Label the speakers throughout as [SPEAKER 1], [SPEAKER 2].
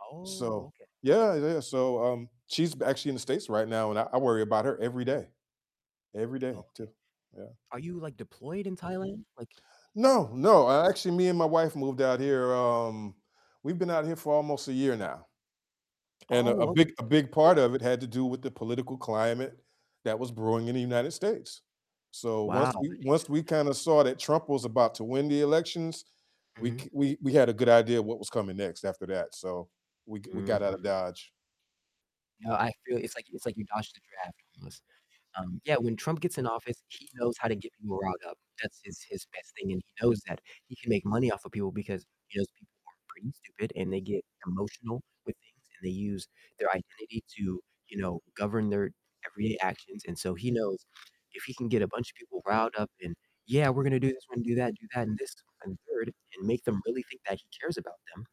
[SPEAKER 1] Oh,
[SPEAKER 2] So
[SPEAKER 1] okay.
[SPEAKER 2] yeah, yeah, so, um, she's actually in the States right now, and I I worry about her every day. Every
[SPEAKER 1] Oh,
[SPEAKER 2] day
[SPEAKER 1] okay.
[SPEAKER 2] too, yeah.
[SPEAKER 1] Are you, like, deployed in Thailand? Like
[SPEAKER 2] No, no,
[SPEAKER 1] [unintelligible]
[SPEAKER 2] actually, me and my wife moved out here, um we've been out here for almost a year now, and a a
[SPEAKER 1] Oh, okay,
[SPEAKER 2] big a big
[SPEAKER 1] that's
[SPEAKER 2] part
[SPEAKER 1] [unintelligible]
[SPEAKER 2] of it had to do with the political climate that was brewing in the United States. So,
[SPEAKER 1] Wow,
[SPEAKER 2] once
[SPEAKER 1] I
[SPEAKER 2] we
[SPEAKER 1] didn’t
[SPEAKER 2] once we
[SPEAKER 1] even know that.
[SPEAKER 2] kinda saw that Trump was about to win the elections, we
[SPEAKER 1] Mhm.
[SPEAKER 2] c we we had a good idea what was coming next after that, so, we g we got out
[SPEAKER 1] Mhm.
[SPEAKER 2] of Dodge.
[SPEAKER 1] No, I feel it's like it's like you dodged the draft almost. Um, yeah, when Trump gets in office, he knows how to get people riled up. That's his his best thing, and he knows that he can make money off of people because he knows people are pretty stupid, and they get emotional with things, and they use their identity to, you know, govern their everyday actions, and so he knows if he can get a bunch of people riled up and, "Yeah, we're gonna do this, we're gonna do that, do that and this and third," and make them really think that he cares about them,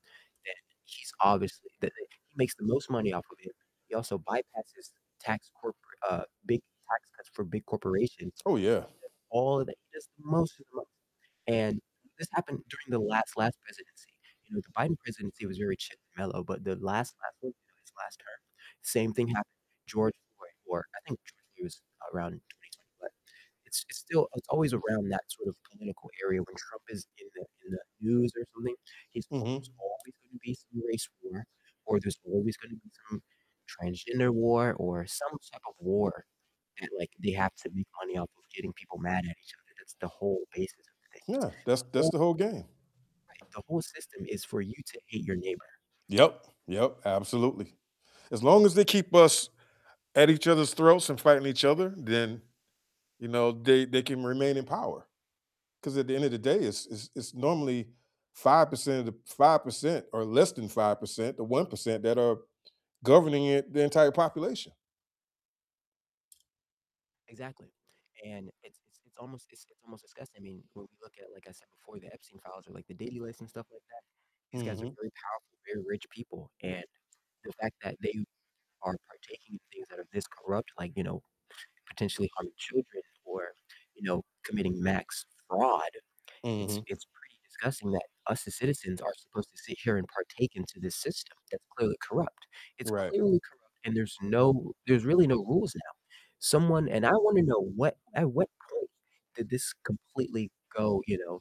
[SPEAKER 1] then he's obviously that he makes the most money off of it, he also bypasses tax corporate, uh, big tax cuts for big corporations.
[SPEAKER 2] Oh, yeah.
[SPEAKER 1] He does all of that, he does the most of the most. And this happened during the last last presidency, you know, the Biden presidency was very chill and mellow, but the last last one, you know, his last term, same thing happened with George Floyd or I think George Floyd was around in 2020. But, it's it's still it's always around that sort of political area when Trump is in the in the news or something. He's
[SPEAKER 2] Mhm.
[SPEAKER 1] there's always gonna be some race war, or there's always gonna be some transgender war or some type of war, and, like, they have to make money off of getting people mad at each other, that's the whole basis of the thing. It's
[SPEAKER 2] Yeah,
[SPEAKER 1] the
[SPEAKER 2] that's that's
[SPEAKER 1] whole
[SPEAKER 2] the whole game.
[SPEAKER 1] Right, the whole system is for you to hate your neighbor.
[SPEAKER 2] Yep, yep, absolutely. As long as they keep us at each other's throats and fighting each other, then, you know, they they can remain in power. 'Cause at the end of the day, it's it's it's normally 5% of the 5%, or less than 5%, the 1% that are governing the e the entire population.
[SPEAKER 1] Exactly. And it's it's it's almost, it's it's almost disgusting. I mean, when we look at, like I said before, the Epstein files or, like, the daily lists and stuff like that, these guys are
[SPEAKER 2] Mhm.
[SPEAKER 1] very powerful, very rich people, and the fact that they are partaking in things that are this corrupt, like, you know, potentially harming children or, you know, committing max fraud, it's
[SPEAKER 2] Mhm.
[SPEAKER 1] it's pretty disgusting that us as citizens are supposed to sit here and partake into this system that's clearly corrupt. It's
[SPEAKER 2] Right.
[SPEAKER 1] clearly corrupt, and there's no there's really no rules now. Someone and I wanna know what at what point did this completely go, you know,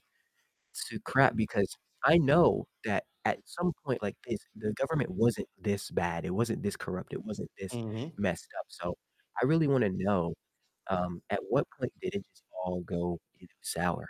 [SPEAKER 1] to crap? Because I know that at some point, like, this the government wasn't this bad, it wasn't this corrupt, it wasn't this
[SPEAKER 2] Mhm.
[SPEAKER 1] messed up. So, I really wanna know, um, at what point did it just all go sour?